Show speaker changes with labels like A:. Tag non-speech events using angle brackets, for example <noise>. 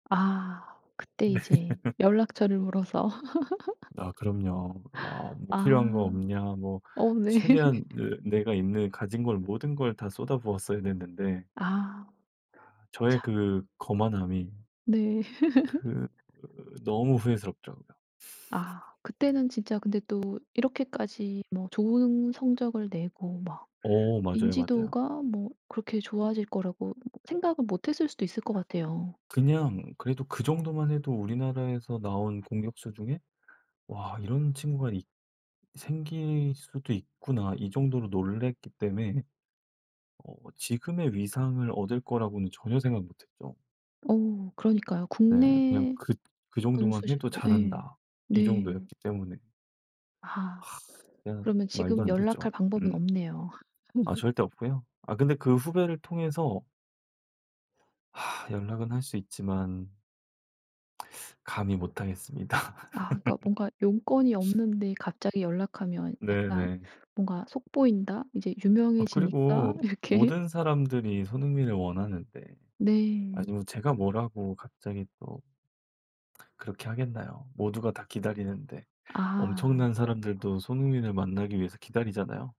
A: 아. 그때
B: 네.
A: 이제
B: <laughs>
A: 연락처를 물어서.
B: 아 그럼요. "아
A: <laughs>
B: 뭐
A: 아.
B: 필요한 거 없냐." 뭐
A: 어 네.
B: 최대한 내 내가 있는 가진 걸 모든 걸 다 쏟아부었어야 됐는데
A: 아.
B: 아 저의
A: 참.
B: 그 거만함이
A: 네.
B: 그
A: <laughs>
B: 으 너무 후회스럽죠 그냥. <laughs>
A: 아. 그때는 진짜 근데 또 이렇게까지 뭐 좋은 성적을 내고 막
B: 어 맞아요, 맞아요.
A: 인지도가 뭐 그렇게 좋아질 거라고 뭐 생각을 못했을 수도 있을 것 같아요.
B: 그냥 그래도 그 정도만 해도 우리나라에서 나온 공격수 중에 '와 이런 친구가 있 생길 수도 있구나.' 이 정도로 놀랐기 때문에 어 지금의 위상을 얻을 거라고는 전혀 생각 못 했죠.
A: 어. 그러니까요.
B: 네. 그냥
A: 국내
B: 그 '그 정도만 해도
A: 선수시고 예.
B: 잘한다.' 이
A: 네.
B: 정도였기 때문에.
A: 아.
B: <sighs> 그냥
A: 그러면
B: 말도
A: 지금
B: 안
A: 연락할
B: 되죠.
A: 방법은
B: 음.
A: 없네요.
B: 아
A: <laughs>
B: 절대 없고요. 아 근데 그 후배를 통해서 <sighs> 연락은 할 수 있지만 <sucks teeth> 감히 못하겠습니다.
A: 아 그러니까 뭔가 용건이
B: <laughs>
A: 없는데 갑자기 연락하면 약간
B: 네네.
A: 뭔가 속 보인다. 이제
B: 아 그리고
A: 유명해지니까 이렇게.
B: 모든 사람들이 손흥민을 원하는데
A: 네.
B: 아니 뭐 제가 뭐라고 갑자기 또 그렇게 하겠나요, 모두가 다 기다리는데.
A: 아.
B: 엄청난 사람들도 손흥민을 만나기 위해서 기다리잖아요.